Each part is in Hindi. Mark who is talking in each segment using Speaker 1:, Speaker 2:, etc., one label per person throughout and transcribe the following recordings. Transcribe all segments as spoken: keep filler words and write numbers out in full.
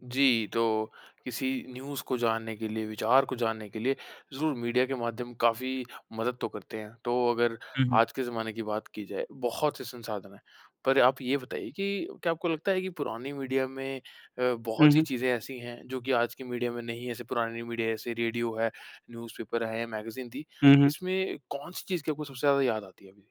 Speaker 1: जी। तो किसी न्यूज़ को जानने के लिए विचार को जानने के लिए ज़रूर मीडिया के माध्यम काफ़ी मदद तो करते हैं। तो अगर
Speaker 2: हुँ, हुँ।
Speaker 1: आज के जमाने की बात की जाए बहुत से संसाधन हैं। पर आप ये बताइए कि क्या आपको लगता है कि पुरानी मीडिया में अ,
Speaker 2: हुँ,
Speaker 1: बहुत सी
Speaker 2: हुँ।
Speaker 1: चीज़ें ऐसी हैं जो कि आज की मीडिया में नहीं हैं, ऐसे पुरानी मीडिया ऐसे रेडियो है, न्यूज़पेपर है, मैगज़ीन थी,
Speaker 2: हुँ, हुँ।
Speaker 1: इसमें कौन-सी चीज़ की आपको सबसे ज़्यादा याद आती है अभी?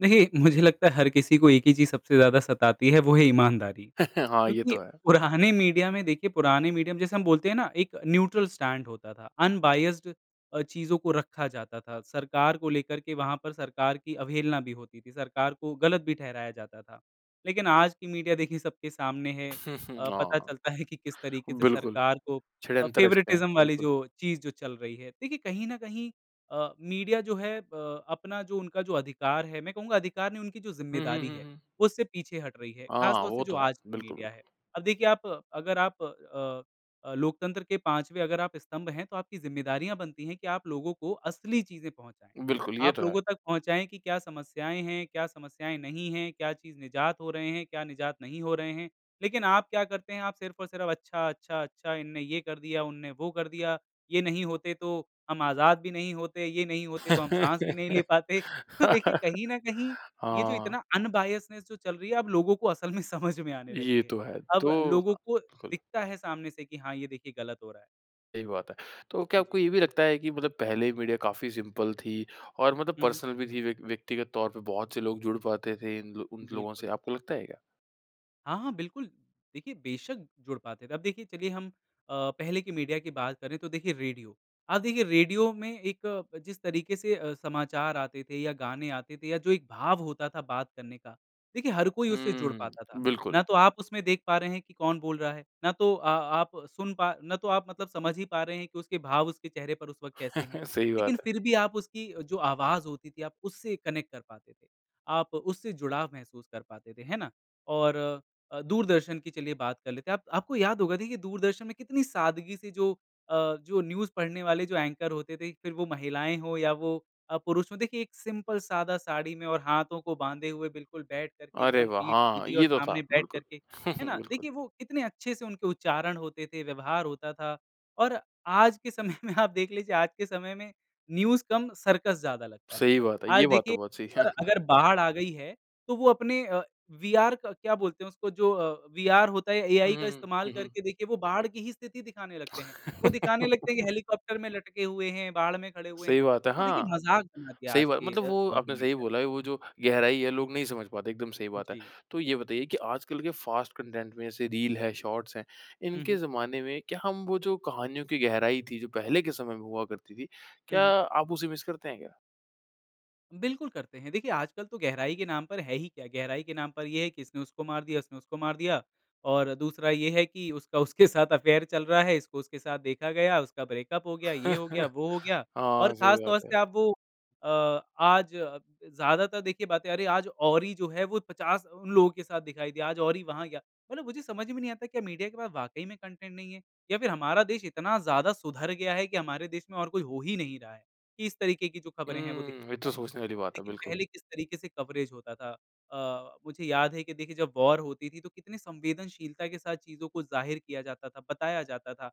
Speaker 2: देखिए। मुझे लगता है हर किसी को एक ही चीज़ सबसे ज़्यादा सताती है। वो है ईमानदारी
Speaker 1: हाँ। ये
Speaker 2: क्योंकि
Speaker 1: तो है।
Speaker 2: पुराने मीडिया में देखिए पुराने मीडिया में जैसे हम बोलते हैं ना एक न्यूट्रल स्टैंड होता था। अनबायस्ड अ, चीज़ों को रखा जाता था। सरकार को लेकर के वहाँ पर सरकार की अवहेलना भी होती थी। सरकार को गलत भी ठहराया जाता था। लेकिन आज की मीडिया देखिये सबके सामने है।
Speaker 1: हुँ, हुँ।
Speaker 2: अ, पता चलता
Speaker 1: हाँ।
Speaker 2: है कि किस तरीक़े से
Speaker 1: बिल्कुल,
Speaker 2: सरकार को अ,
Speaker 1: षड्यंत्र रचते हैं।
Speaker 2: फ़ेवरेटिज़्म वाली
Speaker 1: बिल्कुल।
Speaker 2: जो चीज़ जो चल रही है। देखिए कहीं न कहीं अ, मीडिया जो है अ, अपना जो उनका जो अधिकार है, मैं कहूँगा अधिकार नहीं उनकी जो
Speaker 1: हुँ, हुँ,
Speaker 2: ज़िम्मेदारी
Speaker 1: हुँ,
Speaker 2: है
Speaker 1: हुँ।
Speaker 2: उससे पीछे हट रही है,
Speaker 1: हाँ,
Speaker 2: ख़ासतौर से
Speaker 1: वो
Speaker 2: जो
Speaker 1: तो है।
Speaker 2: आज की
Speaker 1: बिल्कुल,
Speaker 2: मीडिया
Speaker 1: बिल्कुल।
Speaker 2: है। अब देखिए आप अगर आप अ, अ, लोकतंत्र के पाँचवें अगर आप स्तंभ हैं, तो आपकी ज़िम्मेदारियाँ बनती हैं कि आप लोगों को असली चीज़ें पहुँचाएँ।
Speaker 1: बिल्कुल ये
Speaker 2: आप
Speaker 1: तो है।
Speaker 2: लोगों तक पहुँचाएँ कि क्या समस्याएँ हैं, क्या समस्याएँ नहीं हैं, क्या चीज़ निजात हो रहे हैं, क्या निजात नहीं हो रहे हैं, लेकिन आप क्या करते हैं आप सिर्फ़ और सिर्फ़ अच्छा-अच्छा-अच्छा इन ने ये कर दिया, उन्होंने वो कर दिया, ये नहीं होते तो, हम आज़ाद भी नहीं होते ये नहीं होते तो हम साँस भी नहीं ले पाते। तो देखिए कहीं न कहीं ये जो
Speaker 1: हाँ।
Speaker 2: इतना अनबायस्डनेस जो चल रही है अब लोगों को असल में समझ में आने लगी
Speaker 1: ये
Speaker 2: है।
Speaker 1: तो है
Speaker 2: अब
Speaker 1: तो
Speaker 2: लोगों
Speaker 1: अ
Speaker 2: को
Speaker 1: बिल्कुल।
Speaker 2: दिखता है सामने से कि हाँ, ये देखिए गलत हो रहा है।
Speaker 1: सही बात है। तो क्या आपको
Speaker 2: जी।
Speaker 1: ये भी लगता है कि मतलब पहले मीडिया काफ़ी सिंपल थी और मतलब
Speaker 2: हुँ, हुँ।
Speaker 1: पर्सनल भी थी व्य व्यक्तिगत तौर पर बहुत से लोग जुड़ पाते थे इन उन लोगों से,
Speaker 2: बिल्कुल।
Speaker 1: आपको लगता है क्या?
Speaker 2: हाँ, हाँ। बिल्कुल देखिए बेशक़ जुड़ पाते थे। अब देखिए चलिए हम अ, पहले की मीडिया की बात करें तो देखिए रेडियो। आप देखिए रेडियो में एक अ, जिस तरीके से अ, समाचार आते थे या गाने आते थे या जो एक भाव होता था बात करने का। देखिए हर कोई उससे जुड़
Speaker 1: हुँ।
Speaker 2: पाता था।
Speaker 1: बिल्कुल।
Speaker 2: ना तो आप उसमें देख पा रहे हैं कि कौन बोल रहा है। ना तो अ आप सुन पा ना तो आप मतलब समझ ही पा रहे हैं कि उसके भाव उसके चेहरे पर उस वक़्त कैसे हैं।
Speaker 1: सही
Speaker 2: लेकिन
Speaker 1: बात है।
Speaker 2: फ़िर भी आप उसकी जो आवाज़ होती थी, आप उससे कनेक्ट कर पाते थे। आप उससे जुड़ाव महसूस कर पाते थे। है ना? और अ, दूरदर्शन की चलिए बात कर लेते हैं। आप आपको याद होगा देखिए दूरदर्शन में कितनी सादगी से जो अ, जो न्यूज़ पढ़ने वाले जो एंकर होते थे फ़िर वो महिलाएँ हों या वो अ, पुरुष हों। देखिए एक सिंपल सादा साड़ी में और हाथों को बाँधे हुए बिल्कुल बैठ करके
Speaker 1: अरे
Speaker 2: एकदम
Speaker 1: वाह!
Speaker 2: पीठ
Speaker 1: हाँ,
Speaker 2: सीधी और
Speaker 1: ये तो था।
Speaker 2: सामने बैठ
Speaker 1: बिल्कुल।
Speaker 2: करके है ना?
Speaker 1: बिल्कुल।
Speaker 2: देखिए वो इतने अच्छे से उनके उच्चारण होते थे, व्यवहार होता था और आज के समय में आप देख लीजिए आज के समय में न्यूज़ कम सर्कस ज़्यादा लगता है।
Speaker 1: सही बात है। ये
Speaker 2: आज
Speaker 1: बात तो
Speaker 2: देखिए
Speaker 1: बहुत सही
Speaker 2: अगर बाढ़ आ गई है तो वो अपने अ, वीआर क क्या बोलते हैं इसको जो अ, वीआर होता है
Speaker 1: हुँ,
Speaker 2: एआई का
Speaker 1: हुँ।
Speaker 2: इस्तेमाल
Speaker 1: हुँ, हुँ।
Speaker 2: करके देखिए वो बाढ़ की ही स्थिति दिखाने लगते हैं वो दिखाने लगते हैं हेलीकॉप्टर में लटके हुए हैं बाढ़ में खड़े हुए
Speaker 1: सही
Speaker 2: हैं,
Speaker 1: बात है
Speaker 2: तो देखिए
Speaker 1: हाँ।
Speaker 2: मज़ाक बना दिया है
Speaker 1: सही
Speaker 2: आज
Speaker 1: बात
Speaker 2: के
Speaker 1: मतलब वो
Speaker 2: [unintelligible]
Speaker 1: आपने
Speaker 2: मीडिया
Speaker 1: सही
Speaker 2: ने।
Speaker 1: बोला है वो जो गहराई है लोग नहीं समझ पाते, एकदम सही बात है।
Speaker 2: जी।
Speaker 1: तो ये बताइए कि आजकल के फ़ास्ट कंटेंट में ऐसे रील है, शॉर्ट्स हैं।
Speaker 2: हुँ,
Speaker 1: इनके
Speaker 2: हुँ।
Speaker 1: ज़माने में क्या हम वो जो कहानियों की गहराई थी जो पहले के समय में हुआ करती थी,
Speaker 2: हुँ,
Speaker 1: क्या
Speaker 2: हुँ।
Speaker 1: आप उसे मिस करते हैं क्या?
Speaker 2: बिल्कुल. करते हैं देखिए आजकल तो गहराई के नाम पर है ही क्या, गहराई के नाम पर ये है कि इसने उसको मार दिया, उसने उसको मार दिया और दूसरा ये है कि उसका उसके साथ अफ़ेयर चल रहा है इसको उसके साथ देखा गया उसका ब्रेकअप हो गया, ये हो गया, वो हो गया और
Speaker 1: हाँ, सही
Speaker 2: ख़ासतौर
Speaker 1: बात
Speaker 2: से
Speaker 1: है।
Speaker 2: आप वो अ, आज ज़्यादातर देखिए बातें अरे! आज ओरि जो है वो पचास लोगों के साथ दिखाई दिया आज ओरि वहाँ गया मतलब मुझे समझ में नहीं आता क्या मीडिया के पास वाक़ई में कंटेंट नहीं है? या फ़िर हमारा देश इतना ज़्यादा सुधार गया है कि हमारे देश में और कोई हो ही नहीं रहा है कि इस तरीक़े की जो ख़बरें हैं वो दिखाई
Speaker 1: हुँ। ये तो
Speaker 2: जाती हैं।
Speaker 1: सोचने वाली बात है
Speaker 2: लेकिन
Speaker 1: बिल्कुल।
Speaker 2: पहले किस तरीक़े से कवरेज़ होता था। अ, मुझे याद है कि देखिए जब वॉर होती थी तो कितनी संवेदनशीलता के साथ चीज़ों को ज़ाहिर किया जाता था, बताया जाता था।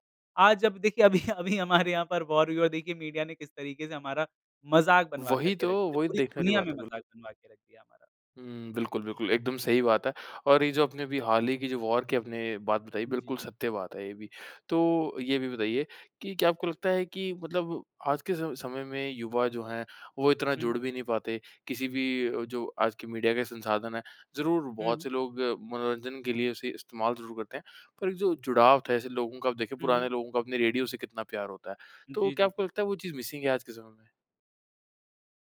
Speaker 2: आज जब देखिए अभी-अभी हमारे यहाँ पर वॉर हुई है और देखिए मीडिया ने किस तरीक़े से हमारा मज़ाक बनवाकर
Speaker 1: वहीं
Speaker 2: के
Speaker 1: तो!
Speaker 2: रख दिया
Speaker 1: वहीं तो
Speaker 2: पूरी
Speaker 1: देखने वाली
Speaker 2: दुनिया में
Speaker 1: बात है बिल्क
Speaker 2: मज़ाक बनवाके रख दिया हमारा।
Speaker 1: हुँ। बिल्कुल, बिल्कुल एकदम सही बात है और ये जो अपने अभी हाल ही की जो वॉर के आपने बात बताई बिल्कुल
Speaker 2: जी।
Speaker 1: सत्य बात है ये भी। तो ये भी बताइए की, क्या आपको लगता है की मतलब आज के स समय में युवा जो हैं, वो इतना
Speaker 2: हुँ, हुँ।
Speaker 1: जुड़ भी नहीं पाते किसी भी जो आज की मीडिया के संसाधन हैं, ज़रूर
Speaker 2: हुँ,
Speaker 1: बहुत
Speaker 2: हुँ।
Speaker 1: से लोग मनोरंजन के लिए उसे इस्तेमाल ज़रूर करते हैं। पर एक जो जुड़ाव था ऐसे लोगों का आप देखें
Speaker 2: हुँ, हुँ।
Speaker 1: पुराने लोगों का अपने रेडियो से कितना प्यार होता है। तो
Speaker 2: जी,
Speaker 1: क्या
Speaker 2: जी,
Speaker 1: आपको
Speaker 2: जी।
Speaker 1: लगता है वो चीज़ मिसिंग है, आज के समय में?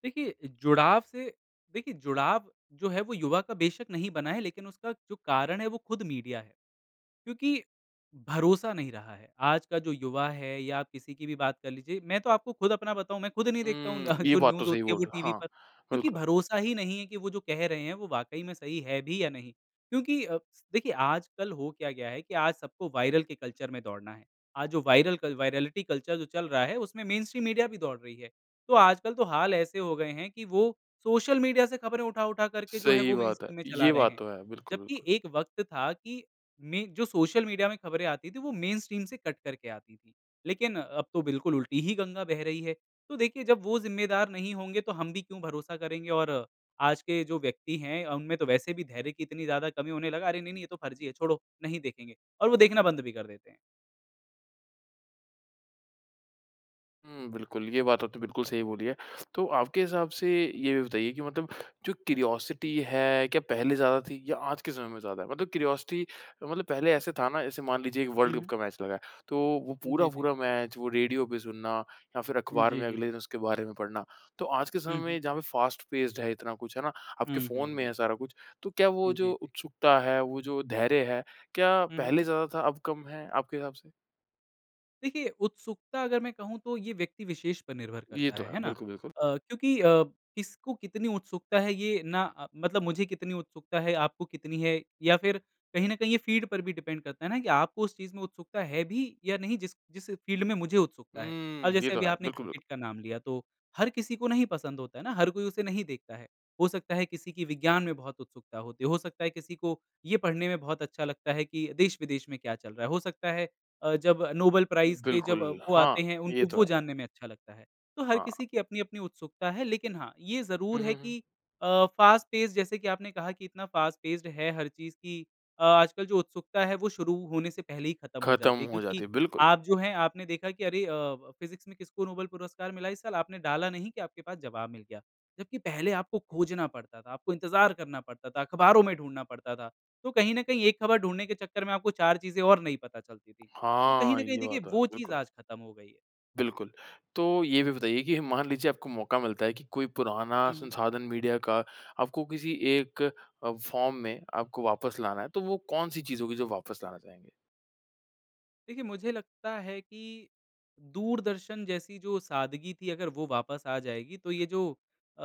Speaker 2: देखिए जुड़ाव से देखिए जुड़ाव जो है वो युवा का बेशक़ नहीं बना है लेकिन उसका जो कारण है, वो खुद मीडिया है। क्योंकि भरोसा नहीं रहा है। आज का जो युवा है या किसी की भी बात कर लीजिए मैं तो आपको खुद अपना बताऊँ मैं खुद नहीं देखता हूँ।
Speaker 1: हुँ।
Speaker 2: न
Speaker 1: ये
Speaker 2: जो
Speaker 1: बात तो
Speaker 2: न्यूज़
Speaker 1: सही
Speaker 2: होती है
Speaker 1: बोल
Speaker 2: वो
Speaker 1: रहे हो।
Speaker 2: टीवी
Speaker 1: हाँ,
Speaker 2: पर क्योंकि
Speaker 1: बिल्कुल।
Speaker 2: भरोसा ही नहीं है कि वो जो कह रहे हैं वो वाक़ई में सही है भी या नहीं। क्योंकि अ, देखिए आजकल हो क्या गया है कि आज सबको वायरल के कल्चर में दौड़ना है आज जो वायरल कल वाइरेलिटी कल्चर जो चल रहा है उसमें मेनस्ट्रीम मीडिया भी दौड़ रही है। तो आजकल तो हाल ऐसे हो गए हैं कि वो, सोशल मीडिया से ख़बरें उठा-उठा करके जो है
Speaker 1: सही
Speaker 2: वो
Speaker 1: बात है।
Speaker 2: मेनस्ट्रीम में चला
Speaker 1: ये
Speaker 2: रहे
Speaker 1: बात
Speaker 2: हैं,
Speaker 1: तो है। बिल्कुल,
Speaker 2: जबकि
Speaker 1: बिल्कुल।
Speaker 2: एक वक़्त था कि में जो सोशल मीडिया में ख़बरें आई थी वो मेनस्ट्रीम से कट करके आती थी। लेकिन अब तो बिल्कुल उल्टी ही गंगा बह रही है। तो देखिए जब वो ज़िम्मेदार नहीं होंगे तो हम भी क्यों भरोसा करेंगे और आज के जो व्यक्ति हैं उनमें तो वैसे भी धैर्य की इतनी ज़्यादा कमी है उन्हें लगा अरे! नहीं-नहीं ये तो फ़र्ज़ी है छोड़ो नहीं देखेंगे और वो देखना बंद भी कर देते हैं।
Speaker 1: हुँ। बिल्कुल ये बात तो आप तो बिल्कुल
Speaker 2: जी।
Speaker 1: सही बोली है। तो आपके हिसाब से, ये भी बताइए कि मतलब जो क्यूरोसिटी है क्या पहले ज़्यादा थी या आज के समय में ज़्यादा है? मतलब क्यूरोसिटी मतलब पहले ऐसे था ना जैसे मान लीजिए एक
Speaker 2: हुँ,
Speaker 1: वर्ल्ड्कप
Speaker 2: हुँ।
Speaker 1: का मैच लगा है तो वो
Speaker 2: जी, जी।
Speaker 1: पूरा-पूरा मैच, वो रेडियो पे सुनना या फ़िर
Speaker 2: जी,
Speaker 1: अख़बार में
Speaker 2: जी,
Speaker 1: अगले
Speaker 2: जी।
Speaker 1: दिन उसके बारे में पढ़ना, तो आज के समय
Speaker 2: हुँ, हुँ।
Speaker 1: में जहाँ पर फ़ास्ट पेस्ड है इतना कुछ है ना आपके
Speaker 2: हुँ, हुँ,
Speaker 1: फ़ोन में
Speaker 2: हुँ।
Speaker 1: है सारा कुछ तो क्या वो
Speaker 2: जी,
Speaker 1: जो
Speaker 2: जी।
Speaker 1: उत्सुकता है, वो जो धैर्य है, क्या
Speaker 2: हुँ, हुँ।
Speaker 1: पहले ज़्यादा था, अब कम है आपके हिसाब से?
Speaker 2: देखिए उत्सुकता अगर मैं कहूँ तो ये व्यक्ति विशेष पर निर्भर
Speaker 1: ये
Speaker 2: करता
Speaker 1: तो है,
Speaker 2: है ना?
Speaker 1: बिल्कुल, बिल्कुल।
Speaker 2: अ, क्योंकि अ, किसको कितनी उत्सुकता है ये ना अ, मतलब मुझे कितनी उत्सुकता है आपको कितनी है या फ़िर कहीं न कहीं ये फ़ील्ड पर भी डिपेंड करता है ना कि आपको उस चीज़ में उत्सुकता है भी या नहीं जिस जिस फ़ील्ड में मुझे उत्सुकता है।
Speaker 1: हुँ।
Speaker 2: अब
Speaker 1: ये
Speaker 2: जैसे
Speaker 1: तो
Speaker 2: अभी
Speaker 1: है।
Speaker 2: आपने
Speaker 1: बिल्कुल, बिल्कुल।
Speaker 2: क्रिकेट का नाम लिया तो, हर किसी को नहीं पसंद होता है ना हर कोई उसे नहीं देखता है। हो सकता है किसी की विज्ञान में बहुत उत्सुकता होते, हो सकता है किसी को ये पढ़ने में बहुत अच्छा लगता है कि, देश-विदेश में क्या चल रहा है। हो सकता है अ, जब नोबेल प्राइज़ के जब
Speaker 1: बिल्कुल।
Speaker 2: वो
Speaker 1: हाँ,
Speaker 2: आते हैं,
Speaker 1: ये
Speaker 2: उनको
Speaker 1: तो
Speaker 2: वो
Speaker 1: है।
Speaker 2: जानने में अच्छा लगता है। तो हर
Speaker 1: हाँ।
Speaker 2: किसी की अपनी-अपनी उत्सुकता है। लेकिन हाँ, ये
Speaker 1: हुँ,
Speaker 2: ज़रूर है
Speaker 1: हुँ, हुँ।
Speaker 2: कि अ, फ़ास्ट पेस जैसे कि आपने कहा कि इतना फ़ास्ट पेस्ड है हर चीज़ कि अ, आजकल जो उत्सुकता है वो शुरू होने से पहले ही ख़त्म हो
Speaker 1: ख़त्म
Speaker 2: जाती है
Speaker 1: हो जाती
Speaker 2: क्योंकि
Speaker 1: है। बिल्कुल।
Speaker 2: आप जो हैं आपने देखा कि अरे अ, व फ़िज़िक्स में किसको नोबेल पुरस्कार मिला इस साल, आपने डाला नहीं कि आपके पास ज़वाब मिल गया। जबकि पहले आपको खोजना पड़ता था, आपको इंतज़ार करना पड़ता था, अख़बारों में ढूँढना पड़ता था तो कहीं न कहीं ये ख़बर ढूँढने के चक्कर में आपको चार चीज़ें और नई पता चलती थीं। तो कहीं
Speaker 1: हाँ,
Speaker 2: न कहीं
Speaker 1: ये
Speaker 2: देखिए
Speaker 1: बात तो है।
Speaker 2: वो चीज़
Speaker 1: बिल्कुल।
Speaker 2: आज ख़त्म हो गई है।
Speaker 1: बिल्कुल। तो ये भी बताइए कि ह मान लीजिए आपको मौका मिलता है कि कोई पुराना
Speaker 2: हुँ, हुँ।
Speaker 1: संसाधन मीडिया का आपको किसी एक अ, फ़ार्म में आपको वापस लाना है तो वो कौन-सी चीज़ों की जो वापस लाना चाहेंगे?
Speaker 2: देखिए, मुझे लगता है कि, दूरदर्शन जैसी जो सादगी थी अगर वो वापस आ जाएगी, तो ये जो अ,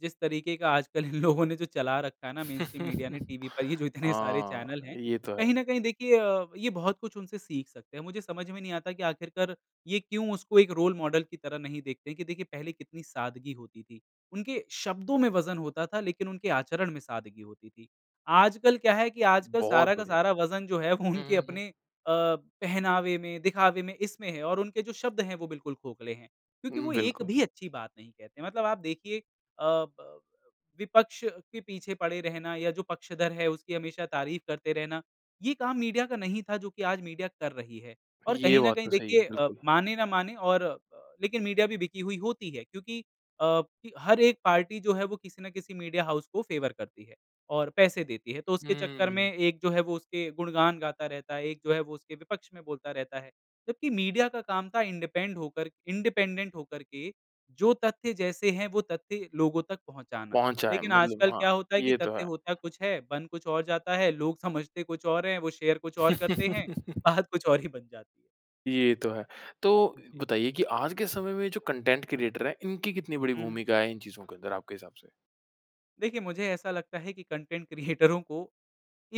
Speaker 2: जिस तरीक़े का आजकल इन लोगों ने जो चला रखा है ना मेनस्ट्रीम मीडिया ने टीवी पर ये जो इतने सारे चैनल
Speaker 1: हाँ,
Speaker 2: हैं
Speaker 1: ये तो है।
Speaker 2: कहीं न कहीं देखिए अ, ये बहुत कुछ उनसे सीख सकते हैं। मुझे समझ में नहीं आता कि आख़िरकार, ये क्यों उसको एक रोल मॉडल की तरह नहीं देखते कि देखिए पहले कितनी सादगी होती थी। उनके शब्दों में वज़न होता था लेकिन उनके आचरण में सादगी होती थी। आजकल क्या है कि आजकल
Speaker 1: बहुत
Speaker 2: सारा का
Speaker 1: बढ़िया।
Speaker 2: सारा वज़न जो है वो उनके
Speaker 1: हुँ, हुँ, हुँ।
Speaker 2: अपने अ, पहनावे में, दिखावे में इसमें है और उनके जो शब्द हैं, वो बिल्कुल खोखले हैं, क्योंकि वो एक
Speaker 1: बिल्कुल।
Speaker 2: भी अच्छी बात नहीं कहते मतलब आप देखिए अ, ब अ, विपक्ष के पीछे पड़े रहना या जो पक्षधर है उसकी हमेशा तारीफ़ करते रहना, ये काम मीडिया का नहीं था जो कि आज मीडिया कर रही है। और
Speaker 1: ये
Speaker 2: कहीं न
Speaker 1: बात
Speaker 2: कहीं
Speaker 1: तो सही है।
Speaker 2: देखिए अ,
Speaker 1: बिल्कुल।
Speaker 2: मानें न मानें और अ, लेकिन मीडिया भी बिकी हुई होती है क्योंकि अ, हर एक पार्टी जो है वो किसी न किसी मीडिया हाउस को फ़ेवर करती है और पैसे देती है तो उसके चक्कर में
Speaker 1: हुँ।
Speaker 2: एक जो है वो उसके गुणगान गाता रहता है, एक जो है वो उसके विपक्ष में बोलता रहता है जबकि मीडिया का काम था इंडिपेंड होकर इंडिपेंडेंट होकर के जो तथ्य जैसे हैं वो तथ्य लोगों तक पहुँचाना।
Speaker 1: पहुँचा है।
Speaker 2: लेकिन
Speaker 1: मतलब
Speaker 2: आजकल
Speaker 1: हाँ,
Speaker 2: क्या होता है कि
Speaker 1: ये तो
Speaker 2: तथ्य
Speaker 1: है।
Speaker 2: होता कुछ है, बन कुछ और जाता है, लोग समझते कुछ और हैं वो शेयर कुछ और करते हैं, बात कुछ और ही बन जाती है।
Speaker 1: ये तो है। तो
Speaker 2: हुँ, जी।
Speaker 1: बताइए कि आज के समय में जो कंटेंट क्रिएटर हैं, इनकी कितनी बड़ी
Speaker 2: हुँ, हुँ।
Speaker 1: भूमिका है इन चीज़ों के अंदर आपके हिसाब से?
Speaker 2: देखिए मुझे ऐसा लगता है कि कंटेंट क्रियेटरों को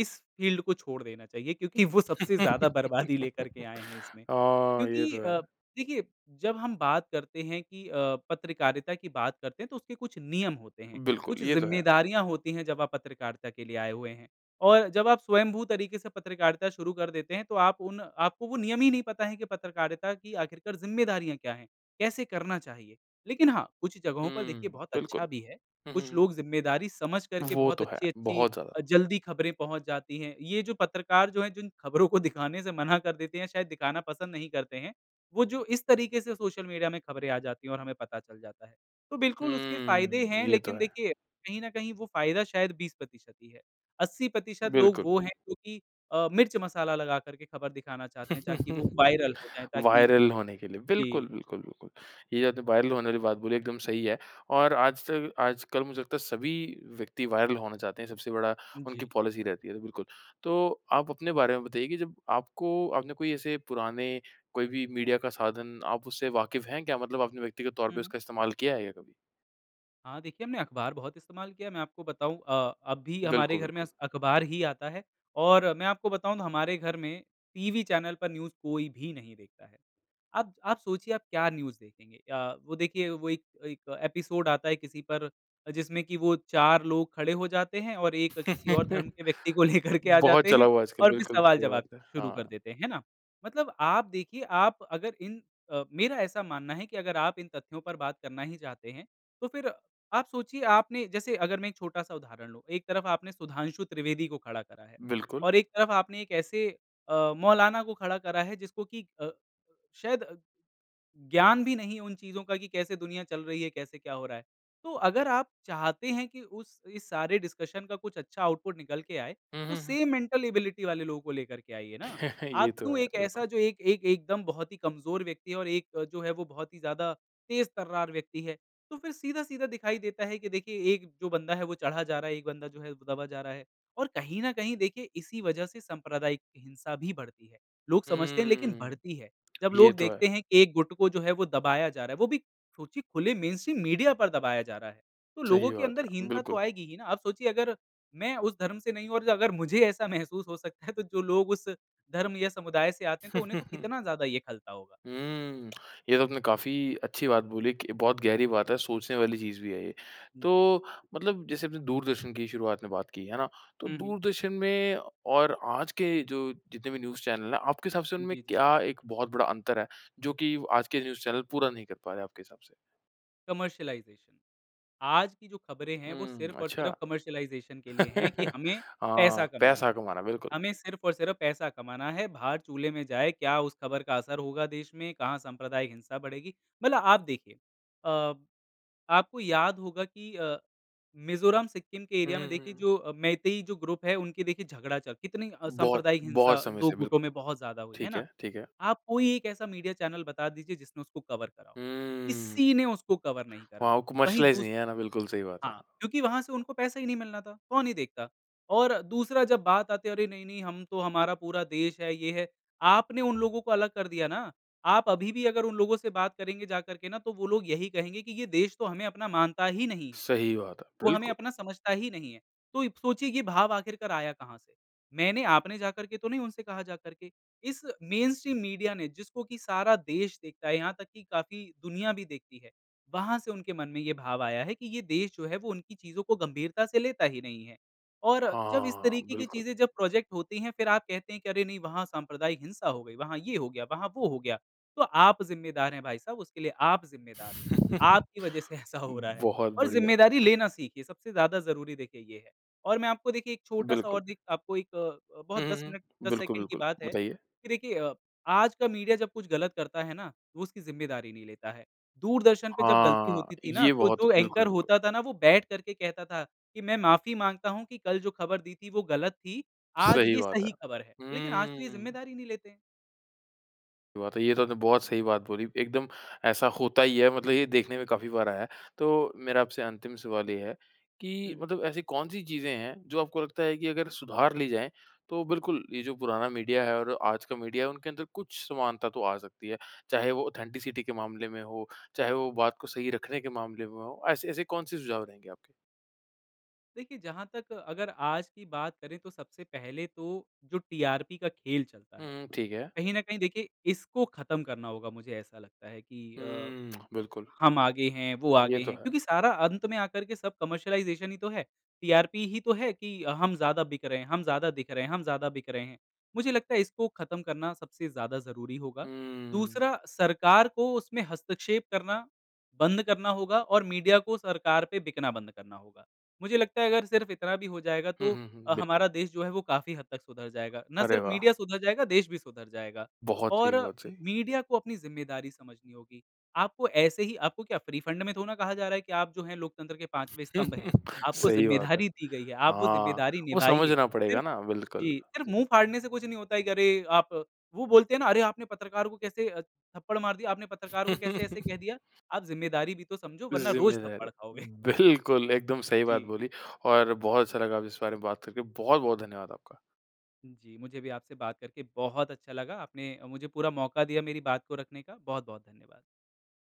Speaker 2: इस फ़ील्ड को छोड़ देना चाहिए क्योंकि वो सबसे ज़्यादा बर्बादी लेकर के आए हैं इसमें
Speaker 1: हाँ। ये
Speaker 2: क्योंकि
Speaker 1: तो
Speaker 2: अ,
Speaker 1: है।
Speaker 2: देखिए जब हम बात करते हैं कि अ, पत्रकारिता की बात करते हैं तो उसके कुछ नियम होते हैं,
Speaker 1: बिल्कुल
Speaker 2: कुछ
Speaker 1: ये तो है।
Speaker 2: ज़िम्मेदारियाँ होती हैं। जब आप पत्रकारिता के लिए आए हुए हैं और जब आप स्वयंभू तरीक़े से पत्रकारिता शुरू कर देते हैं तो आप उन आपको वो नियम ही नहीं पता है कि पत्रकारिता की आख़िरकार ज़िम्मेदारियाँ क्या हैं। कैसे करना चाहिए। लेकिन हाँ, कुछ जगहों पर देखिए
Speaker 1: हुँ,
Speaker 2: बहुत अच्छा
Speaker 1: बिल्कुल।
Speaker 2: भी है।
Speaker 1: हुँ, हुँ,
Speaker 2: कुछ
Speaker 1: हुँ।
Speaker 2: लोग ज़िम्मेदारी समझ करके
Speaker 1: वो
Speaker 2: बहुत
Speaker 1: तो है।
Speaker 2: अच्छी-अच्छी
Speaker 1: बहुत ज़्यादा।
Speaker 2: अ, जल्दी ख़बरें पहुँच जाती हैं। ये जो पत्रकार जो हैं जिन ख़बरों को दिखाने से मना कर देते हैं शायद दिखाना पसंद नहीं करते हैं, वो जो इस तरीक़े से सोशल मीडिया में ख़बरें आ जाती हैं और हमें पता चल जाता है। तो बिल्कुल उसके फ़ायदे
Speaker 1: हुँ।
Speaker 2: हैं
Speaker 1: ये तो
Speaker 2: लेकिन
Speaker 1: है।
Speaker 2: देखिए, कहीं न कहीं वो फ़ायदा शायद बीस प्रतिशत ही है अस्सी प्रतिशत लोग
Speaker 1: बिल्कुल।
Speaker 2: वो हैं जो कि अ, मिर्च मसाला लगाकर के ख़बर दिखाना चाहते हैं, ताकि वो वायरल हो जाएँ ताकि
Speaker 1: वायरल होने के लिए
Speaker 2: जी।
Speaker 1: बिल्कुल, बिल्कुल, बिल्कुल। ये जो अपने वायरल होने वाली बात बोली एकदम सही है। और आज तक आज कल मुझे लगता है सभी व्यक्ति वायरल होना चाहते हैं। सबसे बड़ा उनकी
Speaker 2: जी।
Speaker 1: पॉलिसी रहती है तो बिल्कुल। तो आप अपने बारे में बताइए कि जब आपको आपने कोई ऐसे पुराने कोई भी मीडिया का साधन आप उससे वाकिफ़ हैं क्या? मतलब आपने व्यक्ति के तौर
Speaker 2: हुँ,
Speaker 1: पर
Speaker 2: हुँ।
Speaker 1: उसका इस्तेमाल किया है क्या कभी?
Speaker 2: हाँ। देखिए हमने अख़बार बहुत इस्तेमाल किया है। मैं आपको बताऊँ अ, अब भी हमारे
Speaker 1: बिल्कुल,
Speaker 2: घर में
Speaker 1: बिल्कुल।
Speaker 2: अस अख़बार ही आता है और मैं आपको बताऊँ तो हमारे घर में, टीवी चैनल पर न्यूज़ कोई भी नहीं देखता है। अब आप सोचिए आप क्या न्यूज़ देखेंगे अ, वो देखिए वो एक एक एपिसोड आता है किसी पर, जिसमें कि वो चार लोग खड़े हो जाते हैं और एक किसी और धर्म के व्यक्ति को लेकर के आ
Speaker 1: बहुत
Speaker 2: जाते
Speaker 1: चला
Speaker 2: हैं
Speaker 1: हुआ आजकल।
Speaker 2: और फ़िर
Speaker 1: बिल्कुल, सही
Speaker 2: सवाल-ज़वाब
Speaker 1: बात है।
Speaker 2: शुरू कर
Speaker 1: हाँ।
Speaker 2: देते हैं ना? मतलब आप देखिए, आप अगर इन अ मेरा ऐसा मानना है कि अगर आप इन तथ्यों पर बात करना ही चाहते हैं, तो फ़िर आप सोचिए आपने जैसे अगर मैं एक छोटा-सा उदाहरण लूँ एक तरफ़ आपने सुधांशु त्रिवेदी को खड़ा करा है
Speaker 1: बिल्कुल।
Speaker 2: और एक तरफ़ आपने एक ऐसे अ, मौलाना को खड़ा करा है जिसको कि अ, शायद ज्ञान भी नहीं उन चीज़ों का कि कैसे दुनिया चल रही है कैसे क्या हो रहा है। तो अगर आप चाहते हैं कि उस इस सारे डिस्कशन का कुछ अच्छा आउटपुट निकल कर आए
Speaker 1: हुँ,
Speaker 2: तो
Speaker 1: हुँ, हुँ।
Speaker 2: सेम मेंटल एबिलिटी वाले लोगों को लेकर के आइए ना।
Speaker 1: ये
Speaker 2: आप
Speaker 1: तो
Speaker 2: क्यों
Speaker 1: है।
Speaker 2: एक
Speaker 1: बिल्कुल।
Speaker 2: ऐसा जो एक एक एकदम बहुत ही कमज़ोर व्यक्ति और एक जो है वो बहुत ही ज़्यादा तेज़-तर्रार व्यक्ति है, तो फ़िर सीधा-सीधा दिखाई देता है कि देखिए एक जो बंदा है वो चढ़ा जा रहा है, एक बंदा जो है वो दबा जा रहा है। और कहीं न कहीं देखिए इसी वज़ह से सांप्रदायिक हिंसा भी बढ़ती है। लोग समझते नहीं लेकिन
Speaker 1: हुँ।
Speaker 2: बढ़ती है। जब
Speaker 1: ये
Speaker 2: लोग
Speaker 1: तो है।
Speaker 2: देखते हैं एक गुट को जो है वो दबाया जा रहा है वो भी, सोचिए खुले मेनस्ट्रीम मीडिया पर दबाया जा रहा है तो लोगों
Speaker 1: सही
Speaker 2: के
Speaker 1: बात
Speaker 2: अंदर
Speaker 1: है।
Speaker 2: हीनता तो
Speaker 1: बिल्कुल।
Speaker 2: आएगी ही ना। आप सोचिए अगर मैं उस धर्म से नहीं हूँ और अगर मुझे ऐसा महसूस हो सकता है तो जो लोग उस, धर्म या समुदाय से आते हैं तो उन्हें तो कितना ज़्यादा ये खलता होगा।
Speaker 1: हुँ। ये तो आपने काफ़ी अच्छी बात बोली कि बहुत गहरी बात है सोचने वाली चीज़ भी है ये।
Speaker 2: जी।
Speaker 1: तो मतलब जैसे अपने दूरदर्शन की शुरुआत में बात की है ना? तो
Speaker 2: हुँ, हुँ।
Speaker 1: दूरदर्शन में और आज के जो जितने भी न्यूज़ चैनल हैं आपके हिसाब से उनमें
Speaker 2: जी, जी।
Speaker 1: क्या एक बहुत बड़ा अंतर है जो कि आज के न्यूज़ चैनल पूरा नहीं कर पा रहे आपके हिसाब से?
Speaker 2: कमर्शियलाइज़ेशन। आज की जो ख़बरें हैं वो
Speaker 1: हुँ।
Speaker 2: सिर्फ़ और सिर्फ़
Speaker 1: अच्छा।
Speaker 2: कमर्शियलाइज़ेशन के लिए हैं कि हमें,
Speaker 1: हाँ,
Speaker 2: पैसा करना
Speaker 1: पैसा
Speaker 2: है
Speaker 1: कमाना बिल्कुल।
Speaker 2: हमें सिर्फ़ और सिर्फ़ पैसा कमाना है, भार चूल्हे में जाए क्या उस ख़बर का असर होगा देश में, कहाँ सांप्रदायिक हिंसा बढ़ेगी मतलब आप देखिए अ, आपको याद होगा कि अ, मिज़ोरम-सिक्किम के
Speaker 1: हुँ,
Speaker 2: एरिया में
Speaker 1: हुँ,
Speaker 2: देखिए
Speaker 1: हुँ।
Speaker 2: जो मैतेई जो ग्रुप है उनके देखिए झगड़ा चल कितनी
Speaker 1: बहुत,
Speaker 2: सांप्रदायिक हिंसा
Speaker 1: बहुत समय
Speaker 2: दो
Speaker 1: से।
Speaker 2: गुटों
Speaker 1: बिल्कुल।
Speaker 2: में बहुत ज़्यादा हुई है
Speaker 1: ठीक
Speaker 2: ना।
Speaker 1: है ठीक है।
Speaker 2: आप कोई एक ऐसा मीडिया चैनल बता दीजिए जिसने उसको कवर करा हो।
Speaker 1: हुँ।
Speaker 2: किसी ने उसको कवर नहीं करा
Speaker 1: वहाँ वो
Speaker 2: वहीं
Speaker 1: कमर्शलाइज़
Speaker 2: दूस
Speaker 1: नहीं है ना, बिल्कुल सही बात है।
Speaker 2: हाँ, क्योंकि वहाँ से उनको पैसे ही नहीं मिलना था कौन ही देखता और दूसरा जब बात आती है अरे नहीं-नहीं हम तो हमारा पूरा देश है ये है आपने उन लोगों को अलग कर दिया ना, आप अभी भी अगर उन लोगों से बात करेंगे जाकर के ना तो वो लोग यही कहेंगे कि ये देश तो हमें अपना मानता ही नहीं है,
Speaker 1: सही बात है।
Speaker 2: वो हमें
Speaker 1: बिल्कुल।
Speaker 2: अपना समझता ही नहीं है तो इब सोचिए कि भाव आख़िर कराया कहाँ से? मैंने, आपने जाकर के तो नहीं उनसे कहा जाकर इस मेनस्ट्रीम मीडिया ने जिसको कि सारा देश देखता है, यहाँ तक कि काफ़ी दुनिया भी देखती है वहाँ से उनके मन में ये भाव आया है कि ये देश जो है वो उनकी चीज़ों को गंभीरता से लेता ही नहीं है। और जब इस
Speaker 1: हाँ।
Speaker 2: तरीक़े की
Speaker 1: बिल्कुल।
Speaker 2: चीज़ें जब प्रोज़ेक्ट होती हैं फ़िर आप कहते हैं अरे नहीं वहाँ सांप्रदायिक हिंसा हो गई, वहाँ ये हो गया, वहाँ वो हो गया। तो आप ज़िम्मेदार हैं भाई साहब उसके लिए, आप ज़िम्मेदार हैं। आपकी वज़ह से ऐसा हो रहा है।
Speaker 1: बहुत
Speaker 2: और
Speaker 1: बढ़िया।
Speaker 2: ज़िम्मेदारी लेना सीखिए सबसे ज़्यादा ज़रूरी देखिए ये है और मैं आपको देखिए एक छोटा-सा और
Speaker 1: बिल्कुल।
Speaker 2: दिक आपको एक अ, अ,
Speaker 1: हुँ,
Speaker 2: बहुत दस
Speaker 1: हुँ,
Speaker 2: मिनट
Speaker 1: हुँ।
Speaker 2: दस,
Speaker 1: बिल्कुल,
Speaker 2: सेकंड की
Speaker 1: बिल्कुल
Speaker 2: बात है
Speaker 1: बताइए।
Speaker 2: कि देखिए अ, आज का मीडिया जब कुछ गलत करता है ना, तो उसकी ज़िम्मेदारी नहीं लेता है। दूरदर्शन पे जब गलती
Speaker 1: हाँ।
Speaker 2: होती थी ना
Speaker 1: ये
Speaker 2: तो
Speaker 1: बहुत
Speaker 2: जो एंकर
Speaker 1: बिल्कुल, बिल्कुल।
Speaker 2: होता था ना वो बैठकर कहता था कि मैं माफ़ी माँगता हूँ कि कल जो ख़बर दी थी वो गलत थी, आज
Speaker 1: सही
Speaker 2: ये
Speaker 1: बात है।
Speaker 2: सही ख़बर है लेकिन आज तो ये
Speaker 1: हम्म।
Speaker 2: ज़िम्मेदारी ही नहीं लेते हैं।
Speaker 1: बात है। ये तो आपने बहुत सही बात बोली एकदम ऐसा होता ही है, मतलब ये देखने में
Speaker 2: जी।
Speaker 1: काफ़ी बार आया है तो मेरा आपसे अंतिम सवाल ये है कि,
Speaker 2: हुँ, हुँ।
Speaker 1: मतलब ऐसी कौन-सी चीज़ें हैं जो आपको लगता है कि अगर सुधार ली जाएँ तो बिल्कुल, ये जो पुराना मीडिया है और आज का मीडिया उनके अंदर कुछ समानता तो आ सकती है। चाहे वो ऑथेंटिसिटी के मामले में हो, चाहे वो बात को सही रखने के मामले में हो, ऐसे ऐसे कौन-से सुझाव रहेंगे आपके?
Speaker 2: देखिए जहाँ तक अगर आज की बात करें तो सबसे पहले तो जो टीआरपी का खेल चलता
Speaker 1: हुँ,
Speaker 2: है।
Speaker 1: हुँ। ठीक है।
Speaker 2: कहीं न कहीं देखिए इसको ख़त्म करना होगा मुझे ऐसा लगता है कि अ,
Speaker 1: हुँ, बिल्कुल।
Speaker 2: हम आगे हैं, वो
Speaker 1: ये
Speaker 2: आगे
Speaker 1: तो
Speaker 2: हैं
Speaker 1: है।
Speaker 2: क्योंकि सारा अंत में आकर के सब कमर्शियलाइज़ेशन ही तो है टीआरपी ही तो है कि हम ज़्यादा बिक रहे हैं, हम ज़्यादा दिख रहे हैं, हम ज़्यादा बिक रहे हैं। मुझे लगता है इसको ख़त्म करना सबसे ज़्यादा ज़रूरी होगा।
Speaker 1: हुँ।
Speaker 2: दूसरा सरकार को उसमें हस्तक्षेप करना, बंद करना होगा और मीडिया को सरकार पे बिकना बंद करना होगा। मुझे लगता है अगर सिर्फ़ इतना भी हो जाएगा
Speaker 1: हुँ,
Speaker 2: तो
Speaker 1: हुँ, हुँ।
Speaker 2: अ,
Speaker 1: बिल्कुल।
Speaker 2: हमारा देश जो है वो काफ़ी हद तक सुधार जाएगा ना
Speaker 1: अरे
Speaker 2: सिर्फ़
Speaker 1: वाह!
Speaker 2: मीडिया सुधार जाएगा देश भी सुधार जाएगा
Speaker 1: बहुत सही
Speaker 2: और
Speaker 1: बहुत सही।
Speaker 2: मीडिया को अपनी ज़िम्मेदारी समझनी होगी, आपको ऐसे ही आपको क्या फ़्री फ़ंड में थोरो ना कहा जा रहा है कि आप जो है लोकतंत्र के पाँचवें स्तंभ हैं आपको
Speaker 1: सही बात है।
Speaker 2: ज़िम्मेदारी दी गई है, आप वो
Speaker 1: हाँ,
Speaker 2: ज़िम्मेदारी
Speaker 1: वो
Speaker 2: निभाइए
Speaker 1: समझना पड़ेगा
Speaker 2: सिर्फ़
Speaker 1: ना बिल्कुल।
Speaker 2: जी। सिर्फ़ मुँह फाड़ने से कुछ नहीं होता है करें आप वो बोलते हैं ना अरे आपने पत्रकार को कैसे अ, थप्पड़ मार दिया, आपने पत्रकार को कैसे ऐसे कह दिया। आप ज़िम्मेदारी भी तो समझो, वरना रोज़
Speaker 1: ज़िम्मेदारी।
Speaker 2: थप्पड़ खाओगे।
Speaker 1: बिल्कुल एकदम सही बात
Speaker 2: जी।
Speaker 1: बोली और बहुत अच्छा लगा अब इस बारे में बात करके। बहुत-बहुत धन्यवाद आपका।
Speaker 2: जी। मुझे भी आपसे बात करके बहुत अच्छा लगा आपने अ, मुझे पूरा मौका दिया मेरी बात को रखने का, बहुत-बहुत धन्यवाद।